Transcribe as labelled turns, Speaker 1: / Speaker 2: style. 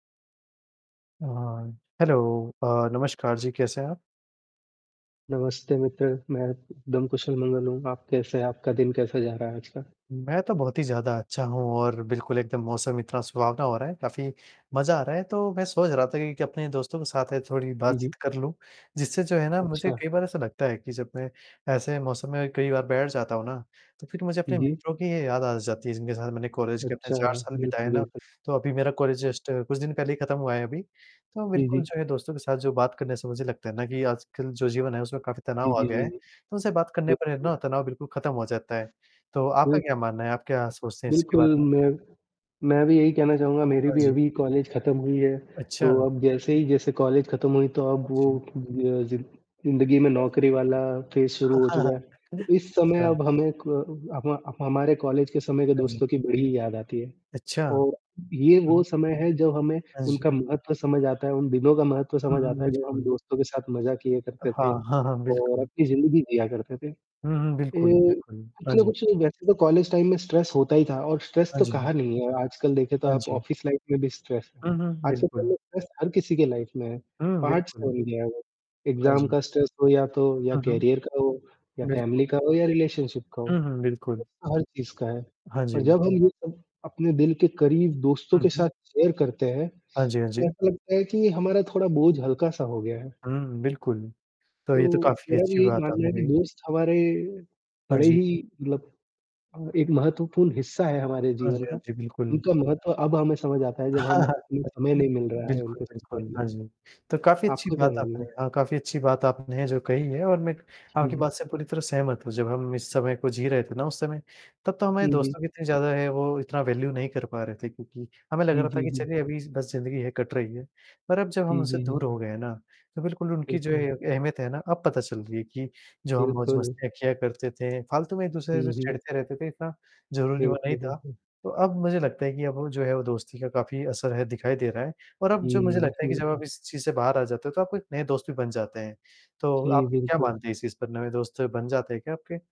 Speaker 1: अ, हाँ, हेलो अ, नमस्कार जी, कैसे हैं आप?
Speaker 2: नमस्ते मित्र, मैं एकदम कुशल-मंगल हूँ। आप कैसे हैं? आपका दिन कैसा जा रहा है आज का?
Speaker 1: मैं तो बहुत ही ज़्यादा अच्छा हूँ और बिल्कुल एकदम मौसम इतना सुहावना हो रहा है काफ़ी मज़ा आ रहा है, तो मैं सोच रहा था कि कि, अपने दोस्तों के साथ ये थोड़ी
Speaker 2: जी, जी।
Speaker 1: बातचीत कर लूँ, जिससे जो है ना मुझे
Speaker 2: अच्छा।
Speaker 1: कई बार ऐसा लगता है कि जब मैं ऐसे मौसम में कई बार बैठ जाता हूँ ना, तो फिर मुझे
Speaker 2: जी,
Speaker 1: अपने
Speaker 2: जी।
Speaker 1: मित्रों की ये याद आ जाती है, जिनके साथ मैंने कॉलेज के अपने
Speaker 2: अच्छा,
Speaker 1: 4 साल बिताए
Speaker 2: बिल्कुल,
Speaker 1: ना,
Speaker 2: बिल्कुल।
Speaker 1: तो अभी मेरा कॉलेज जस्ट कुछ दिन पहले ही ख़त्म हुआ है अभी, तो
Speaker 2: जी,
Speaker 1: बिल्कुल
Speaker 2: जी।
Speaker 1: जो है दोस्तों के साथ जो बात करने से मुझे लगता है ना कि आजकल जो जीवन है, उसमें काफ़ी
Speaker 2: जी,
Speaker 1: तनाव आ
Speaker 2: जी,
Speaker 1: गया
Speaker 2: जी,
Speaker 1: है,
Speaker 2: जी।
Speaker 1: तो उनसे बात करने पर है
Speaker 2: बिल्कुल।
Speaker 1: ना, तनाव बिल्कुल ख़त्म हो जाता है। तो आपका
Speaker 2: बिल्क
Speaker 1: क्या मानना है? आप क्या सोचते हैं इसके
Speaker 2: बिल्कुल,
Speaker 1: बारे में?
Speaker 2: मैं मैं भी यही कहना चाहूँगा, मेरी
Speaker 1: हाँ
Speaker 2: भी
Speaker 1: जी।
Speaker 2: अभी कॉलेज खत्म हुई है, तो
Speaker 1: अच्छा।
Speaker 2: अब जैसे ही जैसे कॉलेज खत्म हुई, तो अब
Speaker 1: हाँ
Speaker 2: वो
Speaker 1: जी।
Speaker 2: त अ, ज़िं ज़िंदगी में
Speaker 1: हाँ जी।
Speaker 2: नौकरी वाला फ़ेज शुरू हो चुका है, तो इस समय
Speaker 1: अच्छा।
Speaker 2: अब हमें क हमा ह हमारे कॉलेज के समय के
Speaker 1: हाँ जी।
Speaker 2: दोस्तों की बड़ी याद आती है,
Speaker 1: अच्छा।
Speaker 2: और ये वो
Speaker 1: हुँ।
Speaker 2: समय है जब हमें
Speaker 1: हाँ जी।
Speaker 2: उनका महत्व समझ आता है, उन दिनों का महत्व
Speaker 1: हुँ,
Speaker 2: समझ
Speaker 1: हुँ,
Speaker 2: आता है जब हम
Speaker 1: बिल्कुल।
Speaker 2: दोस्तों के साथ मज़ा किए करते
Speaker 1: हाँ,
Speaker 2: थे,
Speaker 1: हाँ, हाँ,
Speaker 2: और
Speaker 1: बिल्कुल।
Speaker 2: अपनी ज़िंदगी जिया करते थे।
Speaker 1: हुँ, हुँ, बिल्कुल,
Speaker 2: ये
Speaker 1: बिल्कुल।
Speaker 2: कुछ
Speaker 1: हाँ
Speaker 2: ना
Speaker 1: जी।
Speaker 2: कुछ वैसे तो कॉलेज टाइम में स्ट्रेस होता ही था और स्ट्रेस
Speaker 1: हाँ
Speaker 2: तो
Speaker 1: जी।
Speaker 2: कहा नहीं है, आजकल देखें तो
Speaker 1: हाँ
Speaker 2: आप
Speaker 1: जी।
Speaker 2: ऑफिस लाइफ में भी स्ट्रेस है,
Speaker 1: हुँ, हुँ।
Speaker 2: आजकल तो
Speaker 1: बिल्कुल।
Speaker 2: लो स्ट्रेस हर किसी के लाइफ़ में है,
Speaker 1: हुँ,
Speaker 2: पार्ट्स
Speaker 1: बिल्कुल।
Speaker 2: बन गया वो,
Speaker 1: हाँ
Speaker 2: एग्ज़ाम
Speaker 1: जी।
Speaker 2: का स्ट्रेस हो या तो या
Speaker 1: हुँ, हुँ।
Speaker 2: करियर का हो, या
Speaker 1: बिल्कुल।
Speaker 2: फ़ैमिली का हो, या रिलेशनशिप का हो,
Speaker 1: हुँ, हुँ, बिल्कुल।
Speaker 2: स्ट्रेस तो हर चीज़ का है।
Speaker 1: हाँ
Speaker 2: पर
Speaker 1: जी।
Speaker 2: जब हम ये सब अपने दिल के करीब दोस्तों के
Speaker 1: हुँ, हुँ।
Speaker 2: साथ शेयर करते हैं,
Speaker 1: हाँ जी, हाँ
Speaker 2: तो
Speaker 1: जी।
Speaker 2: ऐसा लगता है कि हमारा थोड़ा बोझ हल्का-सा हो गया है।
Speaker 1: हुँ, बिल्कुल। तो, ये तो
Speaker 2: तो,
Speaker 1: काफ़ी
Speaker 2: मेरा भी
Speaker 1: अच्छी
Speaker 2: यही
Speaker 1: बात
Speaker 2: मानना
Speaker 1: आपने
Speaker 2: है कि
Speaker 1: कही।
Speaker 2: दोस्त हमारे,
Speaker 1: हाँ
Speaker 2: बड़े
Speaker 1: जी।
Speaker 2: ही मतलब अ, एक महत्वपूर्ण हिस्सा है हमारे
Speaker 1: हाँ जी,
Speaker 2: जीवन
Speaker 1: हाँ
Speaker 2: का।
Speaker 1: जी, बिल्कुल।
Speaker 2: उनका महत्व अब हमें समझ आता है जब हम हमें समय नहीं मिल रहा है
Speaker 1: बिल्कुल,
Speaker 2: उनके साथ
Speaker 1: बिल्कुल,
Speaker 2: बैठने के।
Speaker 1: हाँ जी। तो काफ़ी अच्छी
Speaker 2: आपका क्या
Speaker 1: बात
Speaker 2: मानना
Speaker 1: आपने
Speaker 2: है?
Speaker 1: हाँ, काफ़ी अच्छी बात आपने जो कही है और मैं,
Speaker 2: जी,
Speaker 1: आपकी
Speaker 2: जी।
Speaker 1: बात से पूरी तरह सहमत हूँ, जब हम इस समय को जी रहे थे ना उस समय, तब तो हमारे
Speaker 2: जी, जी।
Speaker 1: दोस्तों की इतनी ज़्यादा है वो इतना वैल्यू नहीं कर पा रहे थे, क्योंकि हमें लग
Speaker 2: जी,
Speaker 1: रहा था
Speaker 2: जी,
Speaker 1: कि
Speaker 2: जी।
Speaker 1: चलिए अभी बस ज़िंदगी है कट रही है। पर अब जब हम
Speaker 2: जी,
Speaker 1: उनसे
Speaker 2: जी, जी।
Speaker 1: दूर हो गए हैं ना, तो बिल्कुल उनकी जो
Speaker 2: बिल्कुल।
Speaker 1: ये अहमियत है ना, अब पता चल रही है कि, जो हम
Speaker 2: बिल्कुल।
Speaker 1: मौज़-मस्तियाँ किया करते थे, फालतू में एक-दूसरे से
Speaker 2: हुँ, हुँ।
Speaker 1: चिढ़ते रहते थे, इतना ज़रूरी वो नहीं
Speaker 2: बिल्कुल,
Speaker 1: था,
Speaker 2: बिल्कुल।
Speaker 1: तो अब मुझे लगता है कि अब वो जो है वो दोस्ती का काफ़ी असर है, दिखाई दे रहा है और अब जो मुझे
Speaker 2: जी,
Speaker 1: लगता है कि
Speaker 2: जी,
Speaker 1: जब
Speaker 2: जी।
Speaker 1: आप इस चीज़ से बाहर आ जाते हो, तो आपको एक नए दोस्त भी बन जाते हैं। तो,
Speaker 2: जी,
Speaker 1: आप क्या
Speaker 2: बिल्कुल।
Speaker 1: मानते हैं इस चीज़ पर नए दोस्त बन जाते हैं क्या आपके?